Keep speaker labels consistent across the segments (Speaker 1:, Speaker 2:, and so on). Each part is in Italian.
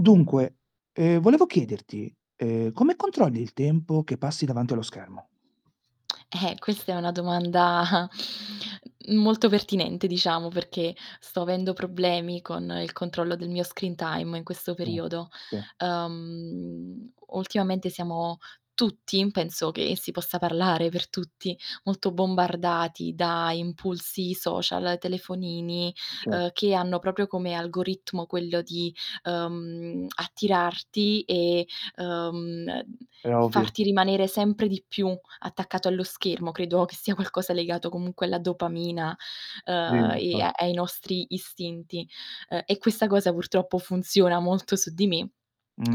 Speaker 1: Dunque, ehm, volevo chiederti, ehm, come controlli il tempo che passi davanti allo schermo?
Speaker 2: Eh, questa è una domanda molto pertinente diciamo, perché sto avendo problemi con il controllo del mio screen time in questo
Speaker 1: Sì.
Speaker 2: periodo.
Speaker 1: Sì.
Speaker 2: Uhm, ultimamente siamo tutti, penso che si possa parlare per tutti, molto bombardati da impulsi social, telefonini,
Speaker 1: Cer
Speaker 2: uhm, che hanno proprio come algoritmo quello di, uhm, attirarti e, uhm,
Speaker 1: È ovvio.
Speaker 2: farti rimanere sempre di più attaccato allo schermo, credo che sia qualcosa legato comunque alla dopamina, uhm,
Speaker 1: Sì, infa
Speaker 2: e ai nostri istinti, uhm, e questa cosa purtroppo funziona molto su di me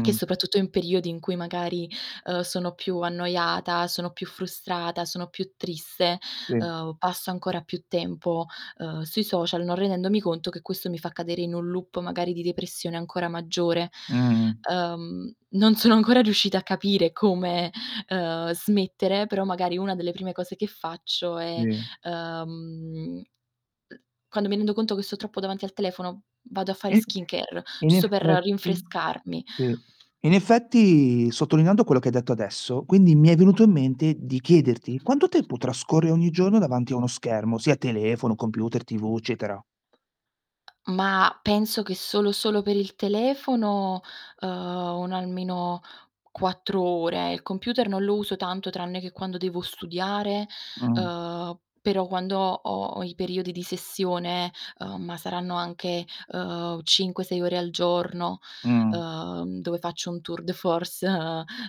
Speaker 2: che soprattutto in periodi in cui magari, uhm, sono più annoiata, sono più frustrata, sono più triste,
Speaker 1: Sì.
Speaker 2: uhm, passo ancora più tempo, uhm, sui social, non rendendomi conto che questo mi fa cadere in un loop magari di depressione ancora maggiore.
Speaker 1: Mh-mh.
Speaker 2: Uhm, non sono ancora riuscita a capire come, uhm, smettere, però magari una delle prime cose che faccio è,
Speaker 1: Sì.
Speaker 2: uhm mhmm, quando mi rendo conto che sto troppo davanti al telefono vado a fare
Speaker 1: I
Speaker 2: skincare,
Speaker 1: In
Speaker 2: giusto per
Speaker 1: effetti
Speaker 2: rinfrescarmi.
Speaker 1: Sì. In effetti sottolineando quello che hai detto adesso, quindi mi è venuto in mente di chiederti quanto tempo trascorri ogni giorno davanti a uno schermo, sia telefono, computer, TV, eccetera.
Speaker 2: Ma penso che solo solo per il telefono, uhm, un almeno 4 ore. Il computer non lo uso tanto tranne che quando devo studiare,
Speaker 1: Mh.
Speaker 2: uhm, però quando ho ho i periodi di sessione uhm, ma saranno anche, uhm, 5-6 ore al giorno,
Speaker 1: Mh.
Speaker 2: uhm, dove faccio un tour de force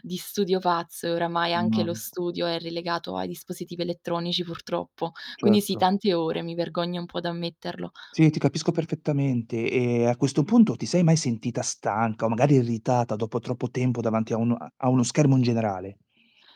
Speaker 2: di studio pazzo, e oramai anche
Speaker 1: No.
Speaker 2: lo studio è relegato ai dispositivi elettronici, purtroppo. Quindi, sì,
Speaker 1: Certo.
Speaker 2: tante ore, mi vergogno un po' da ammetterlo.
Speaker 1: Sì, ti capisco perfettamente. E, a questo punto, ti sei mai sentita stanca, magari irritata dopo troppo tempo davanti a un a uno schermo in generale?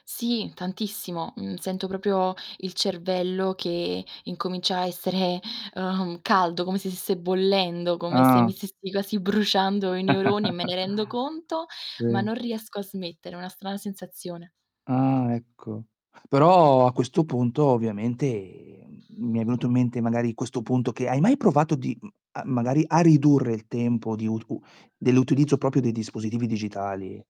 Speaker 2: Sì, tantissimo. Mhmm, sento proprio il cervello che incomincia a essere, uhm, caldo, come se stesse bollendo, come se mi
Speaker 1: Ah.
Speaker 2: stessi quasi bruciando i neuroni e me ne rendo conto, ma
Speaker 1: Sì.
Speaker 2: non riesco a smettere, è una strana sensazione.
Speaker 1: Ah, ecco. Però, a questo punto, ovviamente mi è venuto in mente, magari, questo punto che hai mai provato di mhmm, a magari a ridurre il tempo di ur u dell'utilizzo proprio dei dispositivi digitali?